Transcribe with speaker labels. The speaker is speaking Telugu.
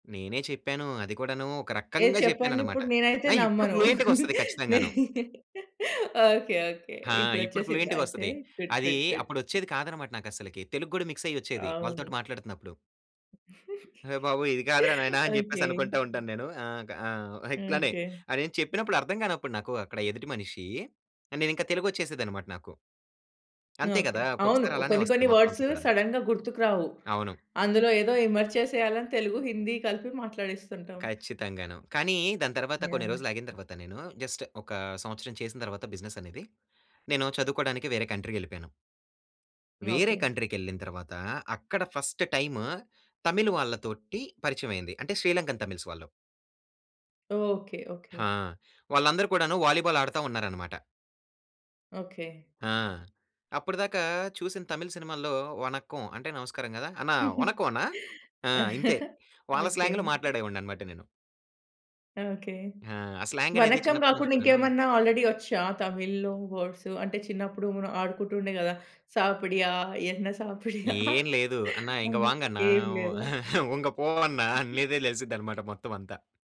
Speaker 1: నేనే చెప్పాను. అది కూడాను ఒక
Speaker 2: ఏ
Speaker 1: రకంగా చెప్పాను
Speaker 2: చెప్పండి
Speaker 1: అన్నమాట.
Speaker 2: ఇప్పుడు నేనైతే
Speaker 1: ఆ! ఇప్పుడు
Speaker 2: నమ్మను.
Speaker 1: ఫ్లూయెంటుగొస్తది ఖచ్చితంగాను.
Speaker 2: Okay, okay.
Speaker 1: ఆ!
Speaker 2: ఇప్పుడు
Speaker 1: ఇప్పుడు
Speaker 2: వచ్చేసిందా అయితే?
Speaker 1: ఫ్లూయెంటుగొస్తది.
Speaker 2: గుడ్,
Speaker 1: అదీ,
Speaker 2: గుడ్, గుడ్.
Speaker 1: అప్పుడొచ్చేది కాదన్నమాట. నాకు అసలకి తెలుగు కూడా మిక్స్ అయ్యొచ్చేది వాళ్ళతోటి
Speaker 2: అవును.
Speaker 1: మాట్లాడుతున్నప్పుడు. అయ్య బాబోయ్! ఇది కాదురా నాయనా అని చెప్పేసి
Speaker 2: ఓకె.
Speaker 1: అనుకుంట ఉంటాను నేను. ఆహ్, ఆహ్, ఇట్లానే
Speaker 2: ఓకె.
Speaker 1: నేను చెప్పినప్పుడు అర్ధం గానప్పుడు నాకు అక్కడ ఎదుటి మనిషీ, ఆహ్, నేను ఇంకా తెలుగు ఓచ్చేసేది అన్నమాట నాకు... అంతే
Speaker 2: ఓకె.
Speaker 1: కదా!
Speaker 2: అవును
Speaker 1: ఒక్కొక్కసారి
Speaker 2: ఓ
Speaker 1: అలానే
Speaker 2: కొన్ని,
Speaker 1: వస్తది
Speaker 2: కొన్ని
Speaker 1: మొత్తం అంతా
Speaker 2: వర్డ్సు
Speaker 1: కూడాను.
Speaker 2: సడెన్‌గా గుర్తుకు రావు.
Speaker 1: అవును.
Speaker 2: అందులో ఏదో ఎమర్జ్ చేసేయాలి అని తెలుగు, హిందీ కలిపి మాట్లాడిస్తుంటాం.
Speaker 1: ఖచ్చితంగాను. కానీ దాని తరువాత కొన్ని
Speaker 2: యాహ్!
Speaker 1: రోజులు ఆగిన తరువాత నేను, జస్ట్ ఒక సంవత్సరం చేసిన తరువాత బిజినెస్ అనేది. నేను చదువుకోడానికి వేరే కంట్రీకి వెళ్ళిపోయాను... వేరే
Speaker 2: ఓకె.
Speaker 1: కంట్రీ కెళ్ళిన తర్వాత అక్కడ ఫస్ట్ టైమ్ తమిళ్ వాళ్ళతోటి పరిచయం అయింది. అంటే శ్రీలంకన్ తమిళ్స్ వాళ్ళు.
Speaker 2: Okay, okay.
Speaker 1: ఆ! వాళ్ళందరూ కూడాను వాలీబాల్ ఆడతా ఉన్నారు అన్నమాట.
Speaker 2: ఓకె.
Speaker 1: ఆ! అప్పుడిదాక చూసిన తమిళ్ సినిమాలల్లో 'వనక్కం' అంటే నమస్కారం కదా! "అన్నా వనక్కం అన్న" ఆ! ఇంతే వాళ్ళ
Speaker 2: ఓకె.
Speaker 1: స్లాంగ్‌లో మాట్లాడేవాడిని అన్నమాట నేను.
Speaker 2: ఓకె.
Speaker 1: ఆ! ఆ స్లాంగ్ అనేది
Speaker 2: వనక్కం
Speaker 1: చిన్నప్పటి నుంచి
Speaker 2: కాకుండా
Speaker 1: కూడాను
Speaker 2: ఇంకేమన్నా ఆల్రెడీ ఓచ్చా? తమిళ్‌లో వర్డ్స్. అంటే చిన్నప్పుడు మనం ఆడుకుంటుండే కదా "సాపడియా? ఎన్న సాపడియా?"
Speaker 1: ఏం లేదు. "అన్న ఇంగా
Speaker 2: అన్నట్టు
Speaker 1: వాంగ్గన్న,
Speaker 2: ఏమి లేదా?
Speaker 1: ఉంగ పో అన్న" అన్నదే తెలిసిది అన్నమాట మొత్తం అంతా.